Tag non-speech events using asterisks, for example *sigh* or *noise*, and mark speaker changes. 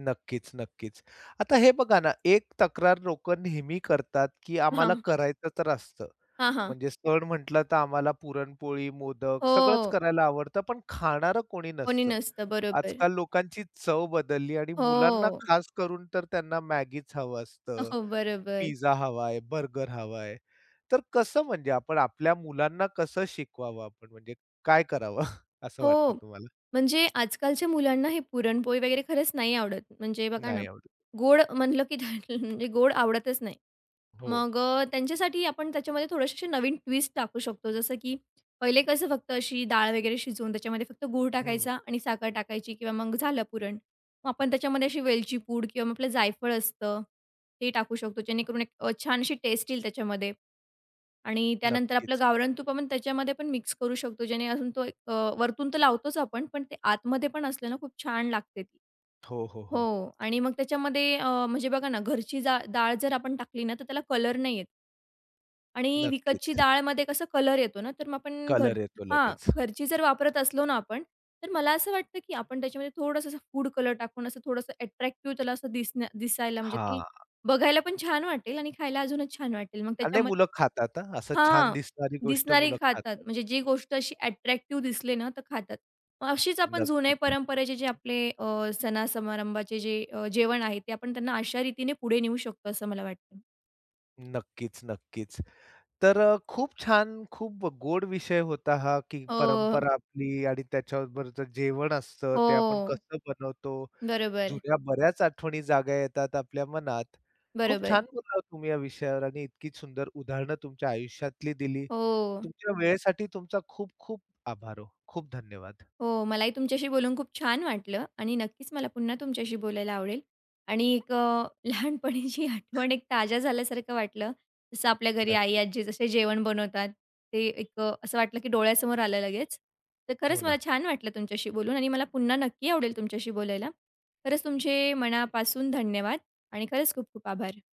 Speaker 1: नक्कीच, नक्कीच. आता हे बघा ना, एक तक्रार लोकं नेहमी करतात, की आम्हाला
Speaker 2: हां.
Speaker 1: करायचं तर असतं,
Speaker 2: हां, हां.
Speaker 1: म्हणजे सण म्हटलं तर आम्हाला पुरणपोळी, मोदक सगळंच
Speaker 2: हो.
Speaker 1: करायला आवडतं, पण खाणारं कोणी
Speaker 2: कोणी
Speaker 1: नसतं.
Speaker 2: नसतं. बरोबर.
Speaker 1: आजकाल लोकांची चव बदलली आणि मुलांना
Speaker 2: हो.
Speaker 1: खास करून तर त्यांना मॅगीच हवं असतं,
Speaker 2: अहो, बरोबर.
Speaker 1: पिझ्झा हवा आहे, बर्गर हवा आहे. तर कसं म्हणजे आपण आपल्या मुलांना कसं शिकवावं, आपण म्हणजे काय करावं? *chuckles* असं वाटतं
Speaker 2: हो,
Speaker 1: तुम्हाला?
Speaker 2: म्हणजे आजकालच्या मुलांना हे पुरणपोळी वगैरे खरंच नाही आवडत. म्हणजे बघा ना,
Speaker 1: नाही आवडत.
Speaker 2: गोड म्हणलं, की *unintelligible* म्हणजे गोड आवडतच नाही.
Speaker 1: हो.
Speaker 2: मग अ, त्यांच्यासाठी आपण त्याच्यामध्ये थोडेसे असे नवीन ट्विस्ट टाकू शकतो. जसं, की पहिले कसं फक्त अशी डाळ वगैरे शिजवून त्याच्यामध्ये फक्त गूळ
Speaker 1: हं, हं.
Speaker 2: टाकायचा आणि साखर टाकायची किंवा मग झालं पुरण. मग आपण त्याच्यामध्ये अशी वेलची पूड किंवा मग आपलं जायफळ असतं, ते टाकू शकतो. जेणेकरून एक अ, छान अशी टेस्ट येईल त्याच्यामध्ये आणि त्यानंतर आपलं
Speaker 1: नक्कीच.
Speaker 2: गावरान तूप पण त्याच्यामध्ये पण मिक्स करू शकतो. जेणे अजून तो एक अ, वरतून तर लावतोच आपण, पण ते आतमध्ये पण असलं ना, खूप छान लागते ती.
Speaker 1: हो, हो,
Speaker 2: हो
Speaker 1: हो.
Speaker 2: आणि मग त्याच्यामध्ये अ, म्हणजे बघा ना, घरची जा डाळ जर आपण टाकली ना, तर त्याला कलर नाही येत. आणि विकतची
Speaker 1: नक्कीच.
Speaker 2: डाळमध्ये कसा कलर येतो ना, तर मग आपण घर
Speaker 1: कलर येतो
Speaker 2: हां,
Speaker 1: लगेच.
Speaker 2: घरची जर वापरत असलो ना, आपण तर मला असं वाटतं की आपण त्याच्यामध्ये थोडंसं फूड कलर टाकून असं थोडंसं अट्रॅक्टिव्ह त्याला असं दिसणं दिसायला म्हणजे ती
Speaker 1: हां.
Speaker 2: बघायला पण छान वाटेल आणि खायला अजूनच छान वाटेल. मग
Speaker 1: अ, नाही. मुलं
Speaker 2: त्याच्यामध्ये
Speaker 1: खातात हं. असं छान
Speaker 2: हां,
Speaker 1: दिसणारी गोष्ट
Speaker 2: दिसणारे
Speaker 1: मुलं
Speaker 2: खातात.
Speaker 1: खातात.
Speaker 2: म्हणजे जी गोष्ट अशी अट्रॅक्टिव्ह दिसली ना तर खातात. मग अशीच आपण जुन्या
Speaker 1: नक्कीच.
Speaker 2: परंपरेचे जे आपले अ, सण समारंभाचे जे अ, जेवण आहे, ते आपण त्यांना अशारीतीने पुढे नेऊ शकतो, असं मला वाटतं.
Speaker 1: नक्कीच, नक्कीच. तर अ, खूप छान, खूप गोड विषय होता हा, की
Speaker 2: अ.
Speaker 1: परंपरा आपली आणि त्याच्याबरोबर जर जेवण असतं, ते आपण
Speaker 2: हो.
Speaker 1: कसं बनवतो.
Speaker 2: बरोबर.
Speaker 1: जुन्या बऱ्याच आठवणी जाग्या येतात आपल्या मनात. खूप
Speaker 2: बरोबर.
Speaker 1: छान बोलला तुम्ही या विषयावर आणि इतकी सुंदर उदाहरणं तुमच्या आयुष्यातली दिली.
Speaker 2: हो.
Speaker 1: तुमच्या वेळेसाठी तुमचा खूप-खूप आभार हो. खूप धन्यवाद.
Speaker 2: हो. मलाही तुमच्याशी बोलून खूप छान वाटलं आणि नक्कीच मला पुन्हा तुमच्याशी बोलायला आवडेल आणि एक अ, लहानपणीची आठवण एक ताज्या झाल्यासारखं वाटलं. जसं आपल्या घरी आई,
Speaker 1: नक्कीच.
Speaker 2: आजी जसे जेवण बनवतात, ते एक अ, असं वाटलं, की डोळ्यासमोर आलं लगेच. तर
Speaker 1: हो
Speaker 2: खरंच मला
Speaker 1: ना.
Speaker 2: छान वाटलं तुमच्याशी बोलून आणि मला पुन्हा नक्की आवडेल तुमच्याशी बोलायला. खरंच, तुमचे मनापासून धन्यवाद आणि खरंच खूप-खूप आभार.